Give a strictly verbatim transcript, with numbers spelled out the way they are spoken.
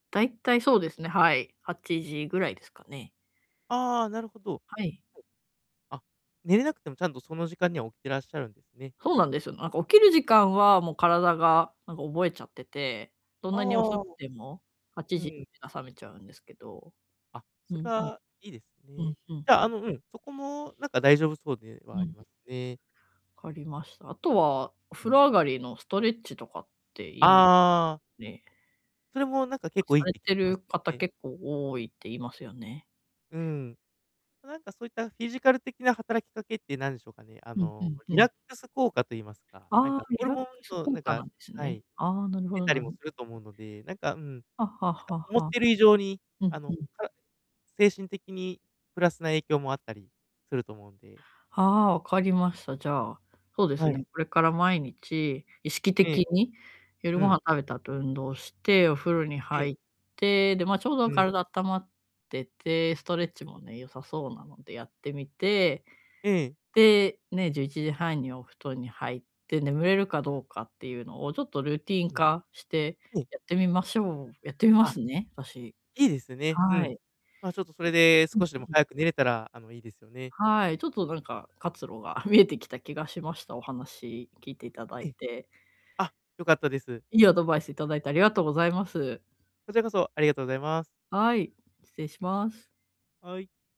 大体そうですね、はいはちじぐらいですかね。あ、なるほど。はい。あ、寝れなくてもちゃんとその時間には起きていらっしゃるんですね。そうなんです。なんか起きる時間はもう体がなんか覚えちゃってて、どんなにあ遅あ。くてもはちうじにん。目が覚めちゃうんですけど。あ、そうれんうん。はいいですうね。んじうんゃうあ、ん。あの、うん、そこもなんか大丈夫そうではうありん。ますね。分かりました。あとはおう風ん。呂上がりのストレッチとかっていあいあ。ね。それもなんか結構いさいっれて聞きてまるす方ね。結構多いって言いますよね。うん。なんかそういったフィジカル的な働きかけってなんでしょうかね、あうんうのんリうラん。ックス効果と言いますか、なんああ、かホリルラッモクンスのな効ん果か、なんですはね。い、ああ、なるほ出どたりなるもする と思うので、なんか、うん、なんはあはあかは思っあはあ。てる以上に、うあんの、うん。か精神的にプラスな影響もあったりすると思うんで。ああ、分かりました、じゃあ、そうではすい。ね、これから毎日、意識ええ。的に、夜うごん。飯食べた後運動して、お風呂にはい。入って、でま、ちょううどん。体あったまってて、ストレッチもね良さそうなのでやってみて、ええ。で、ね、じゅういちじはんにお布団に入って眠れるかどうかっていうのをちょっとルーティンうん。化して、やってみましょうやってみまあ。すね、私。いいですね、うはん。い。まあ、ちょっとそれでうん少しでもうん。早く寝れたらあの、いいですよね。はい、ちょっとなんか活路が見えてきた気がしました。お話聞いていただえいえ。て。あ、良かったです。いいアドバイスいただいてありがとうございます。こちらこそありがとうございます。はい、失礼します。はい。